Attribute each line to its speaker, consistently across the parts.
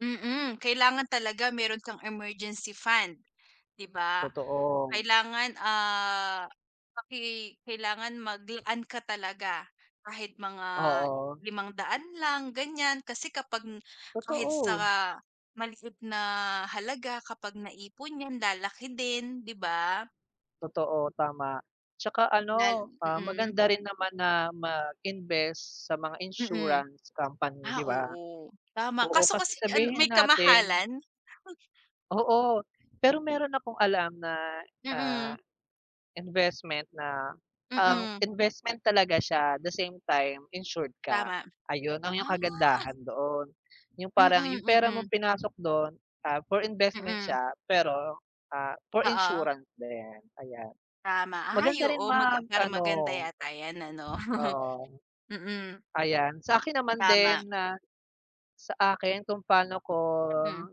Speaker 1: Mm, kailangan talaga meron kang emergency fund, 'di ba?
Speaker 2: Totoo.
Speaker 1: Kailangan, ah, paki kailangan maglaan ka talaga kahit mga
Speaker 2: Oo.
Speaker 1: 500 lang, ganyan. Kasi kapag n kahit sa
Speaker 2: Totoo.
Speaker 1: maliit na halaga kapag naipon yan, lalaki din, 'di ba?
Speaker 2: Totoo, tama. Tsaka
Speaker 1: Lal
Speaker 2: ano, ah,
Speaker 1: mm.
Speaker 2: maganda rin naman na mag-invest sa mga
Speaker 1: Mm.
Speaker 2: insurance company,
Speaker 1: Ah,
Speaker 2: 'di ba?
Speaker 1: oo. Tama
Speaker 2: Oo,
Speaker 1: kaso
Speaker 2: kasi
Speaker 1: kasi an
Speaker 2: sabihin
Speaker 1: may
Speaker 2: natin
Speaker 1: kamahalan.
Speaker 2: Oo. Pero meron akong alam na, ah,
Speaker 1: Mm.
Speaker 2: investment na, ah,
Speaker 1: Mm.
Speaker 2: investment talaga siya, the same time, insured ka.
Speaker 1: Tama.
Speaker 2: Ayun lang ang
Speaker 1: Ah.
Speaker 2: kagandahan doon. Yung parang,
Speaker 1: Mm,
Speaker 2: yung pera mong
Speaker 1: mm.
Speaker 2: pinasok do'n, ah, for investment
Speaker 1: Mm.
Speaker 2: siya pero, ah, for
Speaker 1: Oo.
Speaker 2: insurance din, ayan.
Speaker 1: Tama. Ay,
Speaker 2: Maganda rin
Speaker 1: oo maga
Speaker 2: mag
Speaker 1: parang
Speaker 2: ano
Speaker 1: maganda yata yan ano.
Speaker 2: oo.
Speaker 1: Mm.
Speaker 2: Ayan. Sa akin naman din
Speaker 1: Tama.
Speaker 2: na sa akin kung pa'no ko
Speaker 1: Mm.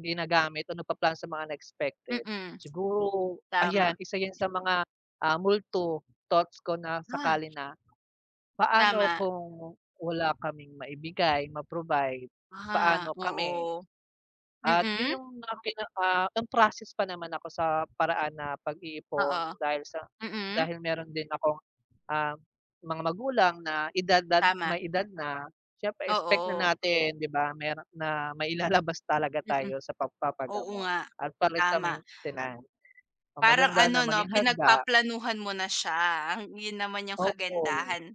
Speaker 2: ginagamit o nagplaplano sa mga unexpected,
Speaker 1: Mm.
Speaker 2: siguro ayan,
Speaker 1: Tama.
Speaker 2: isa yun sa mga, ah, multo thoughts ko na
Speaker 1: Ah.
Speaker 2: sakali na paano
Speaker 1: Tama.
Speaker 2: kung wala kaming maibigay, ma-provide,
Speaker 1: Ah,
Speaker 2: paano kami?
Speaker 1: oo.
Speaker 2: At
Speaker 1: Mm.
Speaker 2: yun yung mga pinaka on process pa naman ako sa paraan na pag-iipon
Speaker 1: Oo.
Speaker 2: dahil sa
Speaker 1: Mm.
Speaker 2: dahil meron din akong, ah, mga magulang na edad dad
Speaker 1: Tama.
Speaker 2: may edad na. Siyempre expect na
Speaker 1: Oo.
Speaker 2: natin, 'di ba? Meron na mailalabas talaga
Speaker 1: Mm.
Speaker 2: tayo sa
Speaker 1: Oo
Speaker 2: pagpapagamot
Speaker 1: nga.
Speaker 2: at para sa
Speaker 1: Tama.
Speaker 2: maintenance. So,
Speaker 1: Parang
Speaker 2: maganda na
Speaker 1: ano, 'no?
Speaker 2: maging handa.
Speaker 1: Pinagpaplanuhan mo na siya. Yun naman yung
Speaker 2: Oo.
Speaker 1: kagandahan.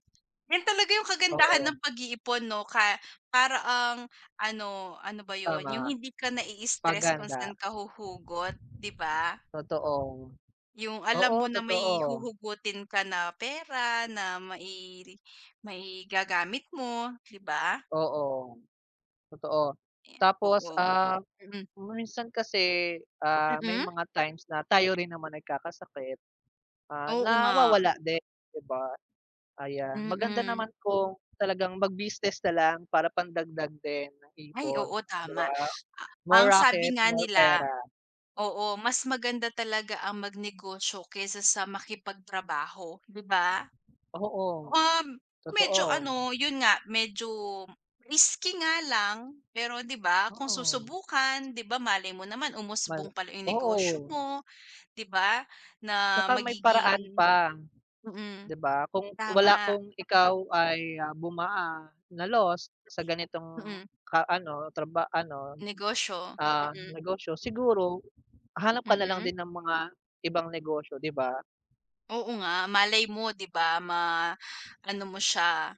Speaker 1: Yun talaga yung kagandahan ng
Speaker 2: Oo.
Speaker 1: pag-iipon, 'no? Ka para ang ano, ano ba yun,
Speaker 2: Tama.
Speaker 1: yung hindi ka
Speaker 2: 'Pag
Speaker 1: nai-stress kung
Speaker 2: handa.
Speaker 1: saan ka huhugot, 'di ba?
Speaker 2: Totoo.
Speaker 1: Yung alam
Speaker 2: Oo,
Speaker 1: mo na may
Speaker 2: totoo.
Speaker 1: huhugutin ka na pera na mai maigagamit mo, 'di ba?
Speaker 2: Oo. Totoo. Tapos,
Speaker 1: Oo.
Speaker 2: ah,
Speaker 1: Mm.
Speaker 2: minsan kasi, ah, may
Speaker 1: Mm.
Speaker 2: mga times na tayo rin naman nagkakasakit. Ah,
Speaker 1: Oo nga.
Speaker 2: nawawala din, 'di ba? Ayan. Maganda naman
Speaker 1: Mm.
Speaker 2: kung talagang mag-business na lang para pandagdag din ng
Speaker 1: Ay,
Speaker 2: ipon.
Speaker 1: oo,
Speaker 2: 'Di
Speaker 1: tama.
Speaker 2: ba?
Speaker 1: A
Speaker 2: More
Speaker 1: ang sabi
Speaker 2: racket,
Speaker 1: nga
Speaker 2: more
Speaker 1: nila
Speaker 2: pera.
Speaker 1: oo, mas maganda talaga ang magnegosyo kaysa sa makipagtrabaho, 'di ba?
Speaker 2: Oo.
Speaker 1: Um, medyo
Speaker 2: Totoo.
Speaker 1: ano, yun nga, medyo risky nga lang. Pero 'di ba kung
Speaker 2: Oo.
Speaker 1: susubukan, 'di ba malay mo naman
Speaker 2: Mal
Speaker 1: umusbong pala yung negosyo
Speaker 2: oo.
Speaker 1: mo, 'di ba? Na
Speaker 2: Tsaka may paraan
Speaker 1: magiging
Speaker 2: pa,
Speaker 1: mm.
Speaker 2: 'di ba? Kung wala
Speaker 1: Tama.
Speaker 2: kung ikaw ay bumaa na lost sa ganitong
Speaker 1: Mm.
Speaker 2: ka ano, traba ano,
Speaker 1: Negosyo,
Speaker 2: ah,
Speaker 1: mm.
Speaker 2: negosyo, siguro hanap ka nalang
Speaker 1: Mm.
Speaker 2: din ng mga ibang negosyo, 'di ba?
Speaker 1: Oo nga, malay mo, 'di ba? Ma ano mo siya